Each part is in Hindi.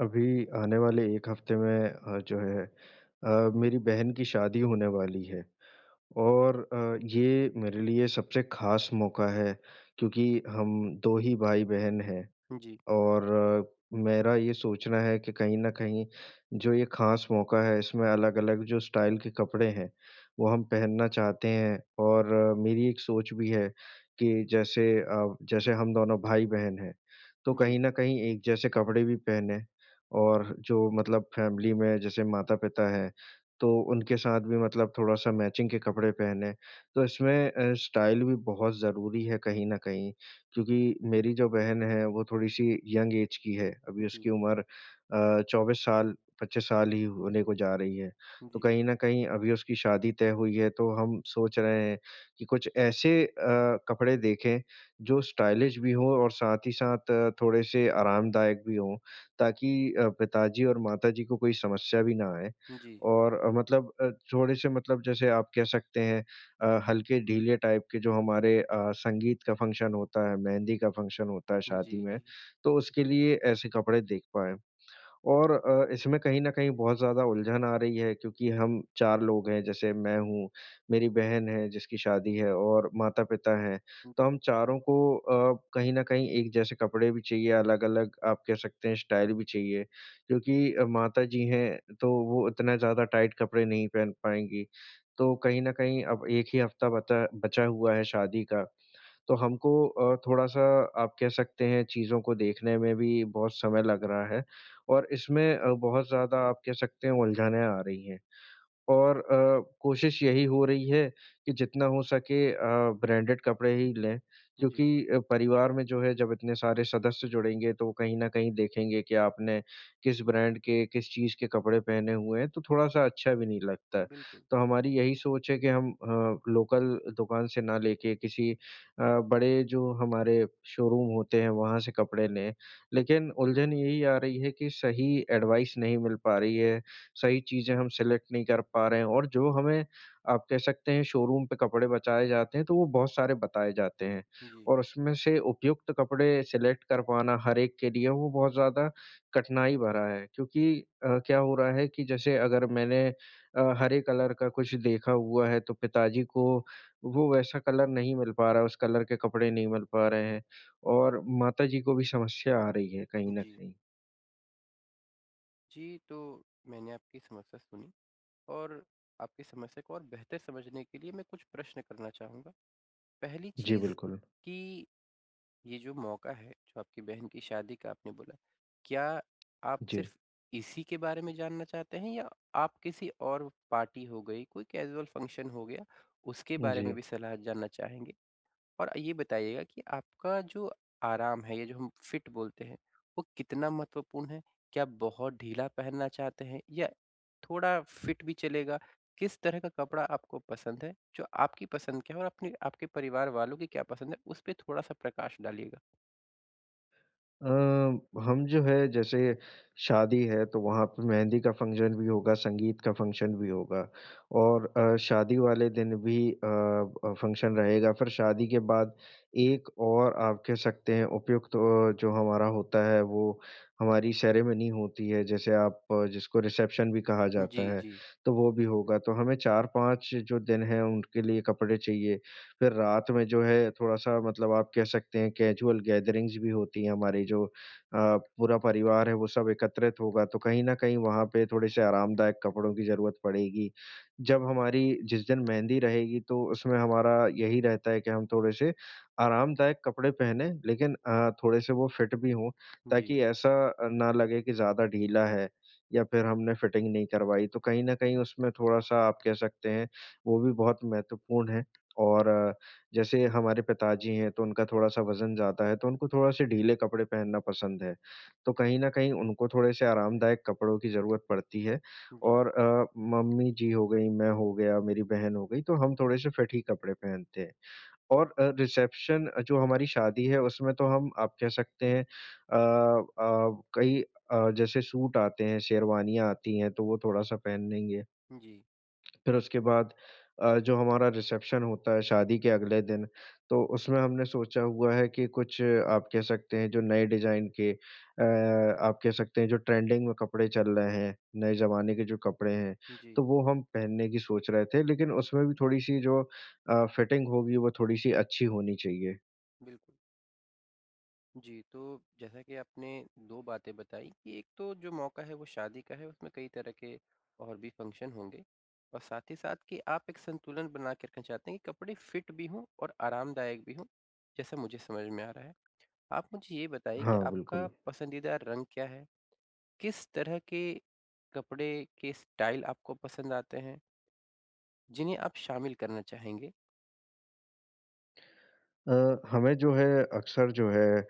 अभी आने वाले एक हफ़्ते में अ, जो है अ, मेरी बहन की शादी होने वाली है। और अ, ये मेरे लिए सबसे ख़ास मौका है क्योंकि हम 2 ही भाई-बहन हैं। जी। और मेरा ये सोचना है कि कहीं न कहीं जो ये ख़ास मौका है इसमें अलग-अलग जो स्टाइल के कपड़े हैं वो हम पहनना चाहते हैं। और मेरी एक सोच भी है कि जैसे अ, जैसे हम दोनों भाई-बहन हैं तो जी। कहीं न कहीं एक जैसे कपड़े भी पहनें और जो मतलब फ़ेमिली में जैसे माता-पिता हैं तो उनके साथ भी मतलब थोड़ा-सा मैचिंग के कपड़े पहनें। तो इसमें अ, स्टाइल भी बहुत ज़रूरी है कहीं न कहीं क्योंकि मेरी जो बहन है वो थोड़ी-सी यंग ऐज़ की है। अभी उसकी जी। उम्र अ, 24 साल 25 साल ही होने को जा रही है। तो जी। कहीं न कहीं अभी उसकी शादी तय हुई है तो हम सोच रहे हैं कि कुछ ऐसे अ, कपड़े देखें जो स्टाइलिश भी हों और साथ ही साथ अ, थोड़े से आरामदायक भी हों ताकि अ, पिताजी और माताजी को कोई समस्या भी ना आए। जी। और अ, मतलब अ, थोड़े से मतलब जैसे आप कह सकते हैं अ, हल्के ढीले टाइप के जो हमारे अ, संगीत का फ़ंक्शन होता है, मेहंदी का फ़ंक्शन होता है शादी जी, में जी। तो उसके लिए ऐसे कपड़े देख पाएंँ। और अ, इसमें कहीं न कहीं बहुत ज़्यादा उलझन आ रही है क्योंकि हम 4 लोग हैं जैसे मैं हूँ, मेरी बहन है जिसकी शादी है और माता-पिता हैं। तो जी। हम चारों को अ, कहीं न कहीं एक जैसे कपडे भी चाहिए, अलग-अलग आप कह सकते हैं स्टाइल भी चाहिए क्योंकि माताजी हैं तो वो उतना ज़्यादा टाइट कपडे नहीं पहन पाएँगी। तो कहीं न कहीं अब 1 ही हफ़्ता बता बचा हुआ है शादी का। तो हमको अ, थोड़ा-सा आप कह सकते हैं चीज़ों को देखने में भी बहुत समय लग रहा है और इसमें अ, बहुत ज़्यादा आप कह सकते हो उलझाने आ रही हैं। और अ, कोशिश यही हो रही है कि जितना हो सके अ, ब्रांडेड कपड़े ही लें क्योंकि जी। परिवार में जो है जब इतने सारे सदस्य जुड़ेंगे तो कहीं न कहीं देखेंगे कि आपने किस ब्रांड के, किस चीज़ के कपड़े पहने हुए हैं तो थोड़ा-सा अच्छा भी नहीं लगता है। बिल्कुल। तो हमारी यही सोच है कि हम अ, लोकल दुकान से ना लेके किसी अ, बड़े जो हमारे शोरूम होते हैं वहाँ से कपड़े लें। लेकिन उलझन यही आ रही है कि सही एडवाइस नहीं मिल पा रही है, सही चीज़ें हम सेलेक्ट नहीं कर पा रहे हैं। और जो हमें आप कह सकते हैं शोरूम पे कपड़े बचाए जाते हैं तो वो बहुत सारे बताए जाते हैं। जी। और उसमें से उपयुक्त कपड़े सेलेक्ट करवाना हर-एक के लिए वो बहुत ज़्यादा कठिनाई भरा है क्योंकि क्या अ, हो रहा है कि जैसे अगर मैंने अ, हरे कलर का कुछ देखा हुआ है तो पिताजी को वो वैसा कलर नहीं मिल पा रहा है, उस कलर के कपड़े नहीं मिल पा रहे हैं और माताजी को भी समस्या आ रही है कहीं न जी। कहीं। जी, तो मैंने आपकी समस्या सुनी और आपकी समस्या को और बेहतर समझने के लिए मैं कुछ प्रश्न करना चाहूँगा। पहली जी, चीज़ बिल्कुल। कि ये जो मौका है, जो आपकी बहन की शादी का आपने बोला, क्या आप जी। सिर्फ इसी के बारे में जानना चाहते हैं या आप किसी और पार्टी हो गई, कोई कैज़ुअल फ़ंक्शन हो गया, उसके बारे में जी। भी सलाह जानना चाहेंगे? और ये बताइएगा कि आपका जो आराम है या जो हम फिट बोलते हैं वो कितना महत्वपूर्ण है? क्या बहुत ढीला पहनना चाहते हैं या थोड़ा फिट भी चलेगा, किस तरह का कपड़ा आपको पसंद है, जो आपकी पसंद के हो अपने आपके परिवार वालों की क्या पसंद है उस पे थोड़ा-सा प्रकाश डालिएगा। अ, हम जो है जैसे शादी है तो वहाँ पे मेहंदी का फ़ंक्शन भी होगा, संगीत का फ़ंक्शन भी होगा। और अ, शादी वाले दिन भी अ अ, फ़ंक्शन रहेगा। फिर शादी के बाद एक और आप कह सकते हैं उपयुक्त ओ जो हमारा होता है वो हमारी सेरेमनी होती है जैसे आप अ, जिसको रिसेप्शन भी कहा जाता जी, है, जी। तो वो भी होगा। तो हमें 4-5 जो दिन है उनके लिए कपड़े चाहिए। फिर रात में जो है थोड़ा-सा मतलब आप कह सकते हैं कैज़ुअल गैदरिंग्स भी होती है हमारी जो अ, पूरा परिवार है वो सब एकत्रित होगा तो कहीं न कहीं वहाँ पे थोड़े-से आरामदायक कपड़ों की ज़रूरत पड़ेगी। जब हमारी जिस दिन मेहंदी रहेगी तो उसमें हमारा यही रहता है कि हम थोड़े-से आरामदायक कपड़े पहने लेकिन अ, थोड़े-से वो फिट भी हो जी। ताकि ऐसा अ, ना लगे की ज़्यादा ढीला है, या फिर हमने फिटिंग नहीं करवाई तो कहीं न कहीं उसमें थोड़ा-सा आप कह सकते हैं, वो भी बहुत महत्वपूर्ण है और अ, जैसे हमारे पिताजी हैं तो उनका थोड़ा-सा वजन ज़्यादा है तो उनको थोड़ा-से ढीले कपड़े पहनना पसंद है। तो कहीं न कहीं उनको थोड़े से आरामदायक कपड़ों की ज़रूरत पड़ती है जी। और अ, मम्मी-जी हो गई, मैं हो गया, मेरी बहन हो गयी तो हम थोड़े से फिट ही कपड़े पहनते हैं। और अ, रिसेप्शन अ, जो हमारी शादी है उसमें तो हम आप कह सकते हैं अ अ, कई अ, जैसे सूट आते हैं, शेरवानियाँ आती हैं तो वो थोड़ा-सा पहन लेंगे। जी। फिर उसके बाद अ, जो हमारा रिसेप्शन होता है शादी के अगले दिन, तो उसमे हमने सोचा हुआ है कि कुछ आप कह सकते हैं जो नए डिजाइन के अ, आप कह सकते हैं जो ट्रेंडिंग में कपड़े चल रहे हैं, नए ज़माने के जो कपड़े हैं, जी। तो वो हम पहनने की सोच रहे थे लेकिन उसमें भी थोड़ी-सी जो अ, फिटिंग होगी वो थोड़ी-सी अच्छी होनी चाहिए। बिल्कुल। जी, तो जैसा कि आपने 2 बातें बताई कि 1 तो जो मौका है वो शादी का है उसमें कई तरह के और भी फंक्शन होंगे। और साथ ही साथ कि आप एक संतुलन बना के रखना चाहते हैं कि कपड़े फिट भी हों, और आरामदायक भी हो, जैसा मुझे समझ में आ रहा है। आप मुझे ये बताइए कि हाँ, आपका बिल्कुल। पसंदीदा रंग क्या है? किस तरह के कपड़े के स्टाइल आपको पसंद आते हैं? जिन्हें आप शामिल करना चाहेंगे। अ, हमें जो है, अक्सर जो है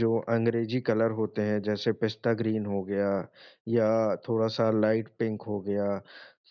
जो अंग्रेजी कलर होते हैं जैसे पिस्ता ग्रीन हो गया या थोड़ा-सा लाइट पिंक हो गया।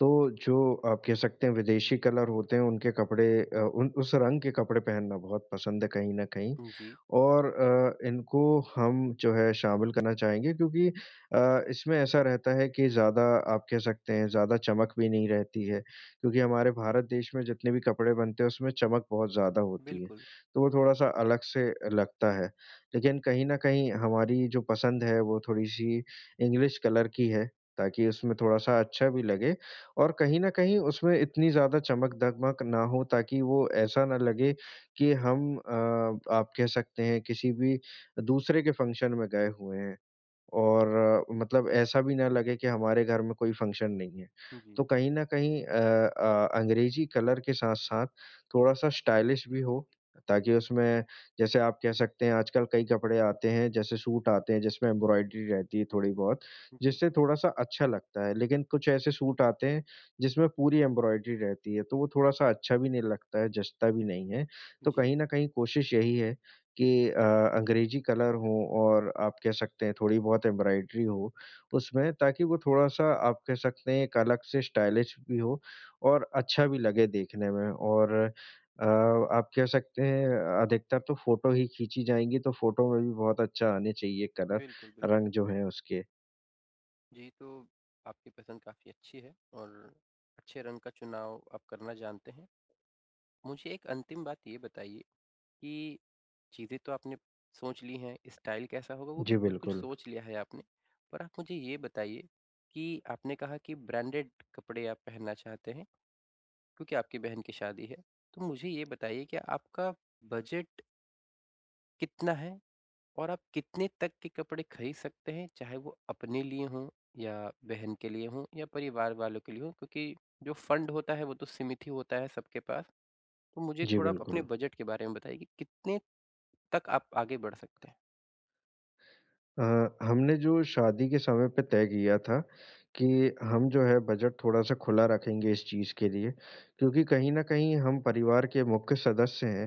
तो जो आप कह सकते हैं विदेशी कलर होते हैं उनके कपड़े अ, उन उस रंग के कपड़े पहनना बहुत पसंद है कहीं न कहीं जी। और अ, इनको हम जो है शामिल करना चाहेंगे क्योंकि अ, इसमें ऐसा रहता है कि ज़्यादा आप कह सकते हैं ज़्यादा चमक भी नहीं रहती है, क्योंकि हमारे भारत देश में जितने भी कपड़े बनते हैं उसमें चमक बहुत ज़्यादा होती है, बिल्कुल। तो वो थोड़ा-सा अलग से लगता है। लेकिन कहीं न कहीं हमारी जो पसंद है वो थोड़ी-सी इंग्लिश कलर की है, ताकि उसमें थोड़ा-सा अच्छा भी लगे और कहीं न कहीं उसमें इतनी ज़्यादा चमक-धमक ना हो ताकि वो ऐसा ना लगे कि हम अ, आप कह सकते हैं किसी भी दूसरे के फंक्शन में गए हुए हैं, और मतलब ऐसा भी ना लगे कि हमारे घर में कोई फंक्शन नहीं है। जी। तो कहीं न कहीं अ अ, अंग्रेजी कलर के साथ-साथ, थोड़ा-सा स्टाइलिश भी हो, ताकि उसमें, जैसे आप कह सकते हैं आज-कल कई कपड़े आते हैं जैसे सूट आते हैं जिसमे एम्ब्रॉयडरी रहती है थोड़ी-बहुत जी। जिससे थोड़ा-सा अच्छा लगता है, लेकिन कुछ ऐसे सूट आते हैं जिसमे पूरी एम्ब्रॉयडरी रहती है, तो वो थोड़ा-सा अच्छा भी नहीं लगता है जचता भी नहीं है। तो कहीं जी। न कहीं कोशिश यही है कि अ, अंग्रेजी कलर हो और आप कह सकते हैं थोड़ी-बहुत एम्ब्रॉयडरी हो उसमें ताकि वो थोड़ा-सा आप कह सकते हैं एक अलग से स्टाइलिश भी हो, और अच्छा भी लगे देखने में और अ, आप कह सकते हैं अधिकतर तो फोटो ही खींची जाएँगी तो फोटो में भी बहुत अच्छा आने चाहिए कलर बिल्कुल, बिल्कुल। रंग जो है उसके। जी, तो आपकी पसंद काफ़ी अच्छी है और अच्छे रंग का चुनाव आप करना जानते हैं। मुझे एक अंतिम बात ये बताइए, कि चीज़ें तो आपने सोच ली हैं, स्टाइल कैसा होगा वो भी जी, कुछ-कुछ बिल्कुल। सोच लिया है आपने। पर आप मुझे ये बताइए कि आपने कहा कि ब्रांडेड कपड़े आप पहनना चाहते हैं, क्योंकि आपकी बहन की शादी है। तो मुझे ये बताइए कि आपका बज़ट कितना है? और आप कितने तक के कपड़े खरीद सकते हैं? चाहे वो अपने लिए हों या बहन के लिए हों या परिवार वालों के लिए हों क्योंकि जो फंड होता है, वो तो सिमित ही होता है सबके पास। तो मुझे जी, थोड़ा आप अपने बिल्कुल। बज़ट के बारे में बताइए कितने तक आप आगे बढ़ सकते हैं? अ, हमने जो शादी के समय पे तय किया था कि हम जो हैं बज़ट थोड़ा-सा खुला रखेंगे इस चीज़ के लिए, क्योंकि कहीं न कहीं हम परिवार के मुख्य सदस्य हैं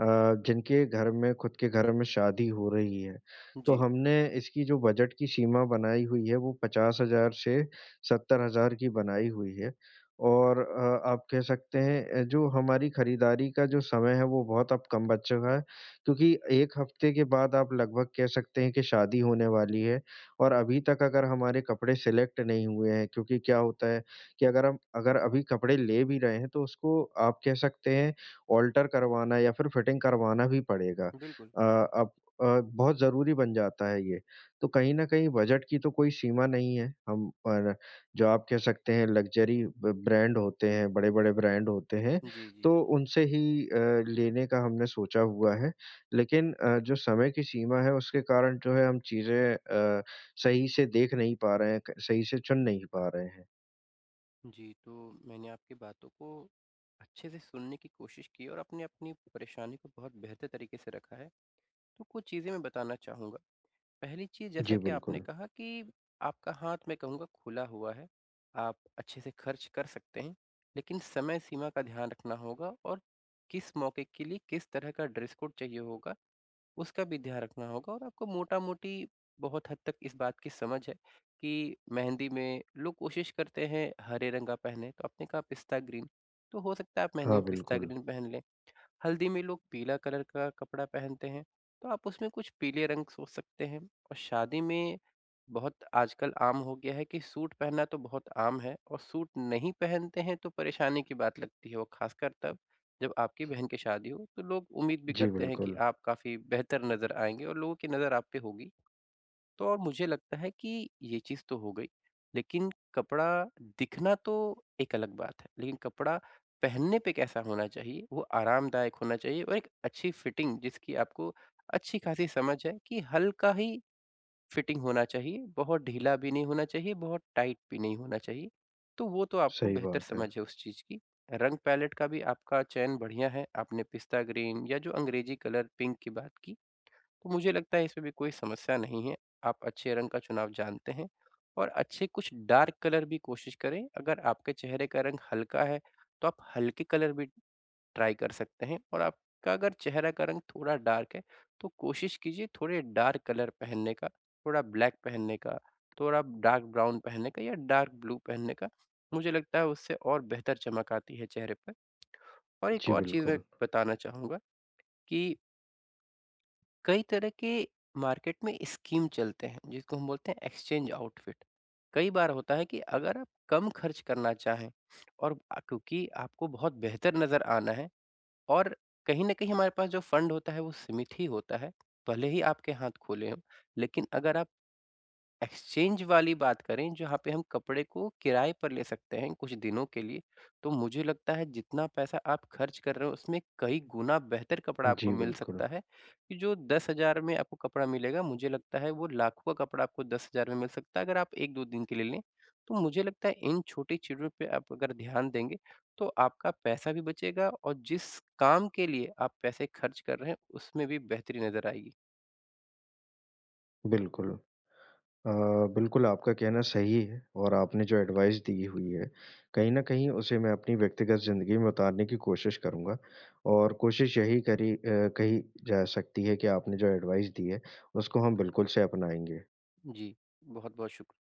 अ, जिनके घर में ख़ुद के घर में शादी हो रही है। तो जी। हमने इसकी जो बज़ट की सीमा बनाई हुई हैं वो 50,000 से 70,000 की बनाई हुई है। और अ, आप कह सकते हैं अ, जो हमारी खरीदारी का जो समय है। वो बहुत अब कम बच चुका है क्योंकि 1 हफ़्ते के बाद आप लगभग कह सकते हैं कि शादी होने वाली है। और अभी तक अगर हमारे कपड़े सेलेक्ट नहीं हुए हैं क्योंकि क्या होता है कि अगर हम अगर अभी कपड़े ले भी रहे हैं तो उसको आप कह सकते हैं आल्टर करवाना या फिर फिटिंग करवाना ही पड़ेगा, बिल्कुल। अ, अब अ, बहुत ज़रूरी बन जाता है ये। तो कहीं न कहीं बज़ट की तो कोई सीमा नहीं है हम पर, जो आप कह सकते हैं लग्ज़री ब ब्रांड होते हैं, बड़े-बड़े ब्रांड होते हैं जी, तो जी। उनसे ही अ, लेने का हमने सोचा हुआ है। लेकिन अ, जो समय की सीमा है उसके कारण जो है हम चीज़ें अ, सही से देख नहीं पा रहे हैं, त सही से चुन नहीं पा रहे हैं। जी, तो मैंने आपकी बातों को अच्छे से सुनने की कोशिश की है और अपने अपनी परेशानी को बहुत बेहतर तरीक़े से रखा है। तो कुछ चीज़ें मैं बताना चाहूँगा, पहली चीज़ जी, जैसा कि आपने बिल्कुल। कहा कि आपका हाथ मैं कहूँगा खुला हुआ है, आप अच्छे से ख़र्च कर सकते हैं, लेकिन समय-सीमा का ध्यान रखना होगा और किस मौके के लिए किस तरह का ड्रेस कोड चाहिए होगा। उसका भी ध्यान रखना होगा और आपको मोटा-मोटी बहुत हद तक इस बात की समझ है कि मेहंदी में लोग कोशिश करते हैं हरे रंग का पहने तो आपने कहा पिस्ता ग्रीन तो हो सकता है आप मेहंदी हाँ, में पिस्ता बिल्कुल। ग्रीन पहन लें। हल्दी में लोग पीला कलर का कपड़ा पहनते हैं, तो आप उसमें कुछ पीले रंग सोच सकते हैं और शादी में बहुत आजकल आम हो गया है कि सूट पहनना तो बहुत आम है और सूट नहीं पहनते हैं तो परेशानी की बात लगती है और ख़ासकर तब जब आपकी बहन की शादी हो, तो लोग उम्मीद भी जी, करते हैं कि बिल्कुल। आप काफ़ी बेहतर नज़र आएँगे और लोगों की नज़र आप पे होगी। तो अब मुझे लगता है कि ये चीज़ तो हो गई, लेकिन कपड़ा दिखना तो एक अलग बात है। लेकिन कपड़ा पहनने पे कैसा होना चाहिए, वो आरामदायक होना चाहिए और एक अच्छी फ़िटिंग जिसकी आपको अच्छी-खासी समझ है कि हल्का ही फ़िटिंग होना चाहिए, बहुत ढीला भी नहीं होना चाहिए, बहुत टाइट भी नहीं होना चाहिए। तो वो तो आपको सही बेहतर बात समझ है। है उस चीज़ की, रंग-पैलेट का भी आपका चयन बढ़िया है। आपने पिस्ता ग्रीन या जो अंग्रेज़ी कलर पिंक की बात की। तो मुझे लगता है इसमें भी कोई समस्या नहीं है, आप अच्छे रंग का चुनाव जानते हैं और अच्छे कुछ डार्क कलर भी कोशिश करें, अगर आपके चेहरे का रंग हल्का है, तो आप हल्के कलर भी, ट्राई कर सकते हैं और आपका अगर चेहरे का रंग थोड़ा डार्क है तो कोशिश कीजिए थोड़ा डार्क कलर पहनने का, थोड़ा ब्लैक पहनने का, थोड़ा डार्क ब्राउन पहनने का या डार्क ब्लू पहनने का। मुझे लगता है उससे और बेहतर चमक आती है चेहरे पे। और एक जी, और चीज़ मैं बिल्कुल। बताना चाहूँगा कि कई तरह के मार्केट में स्कीम चलते हैं जिसको हम बोलते हैं एक्सचेंज आउटफिट कई बार होता है कि अगर आप कम खर्च करना चाहे और अ, क्योंकि आपको बहुत बेहतर नज़र आना है और कहीं न कहीं हमारे पास जो फंड होता है वो सीमित ही होता है, भले ही आपके हाथ खुले हों, लेकिन अगर आप एक्सचेंज वाली बात करें जहाँ पे हम कपड़े को किराए पर ले सकते हैं कुछ दिनों के लिए। तो मुझे लगता है जितना पैसा आप खर्च कर रहे हो उसमें कई गुना बेहतर कपड़ा आपको जी, मिल बिल्कुल। सकता है कि जो 10,000 में आपको कपड़ा मिलेगा मुझे लगता है वो लाखों का कपड़ा आपको 10,000 में मिल सकता है अगर आप 1-2 दिन के लिए लें। तो मुझे लगता है इन छोटी चीज़ों पे आप अगर ध्यान देंगे, तो आपका पैसा भी बचेगा और जिस काम के लिए आप पैसे खर्च कर रहे हैं उसमें भी बेहतरी नजर आएगी। बिल्कुल। अ, बिल्कुल आपका कहना सही है और आपने जो एडवाइस दी हुई है, कहीं न कहीं उसे मैं अपनी व्यक्तिगत ज़िंदगी में उतारने की कोशिश करूँगा और कोशिश यही करी अ, कही जा सकती है की आपने जो एडवाइस दी है उसको हम बिल्कुल से अपनाएँगे। जी। बहुत-बहुत शुक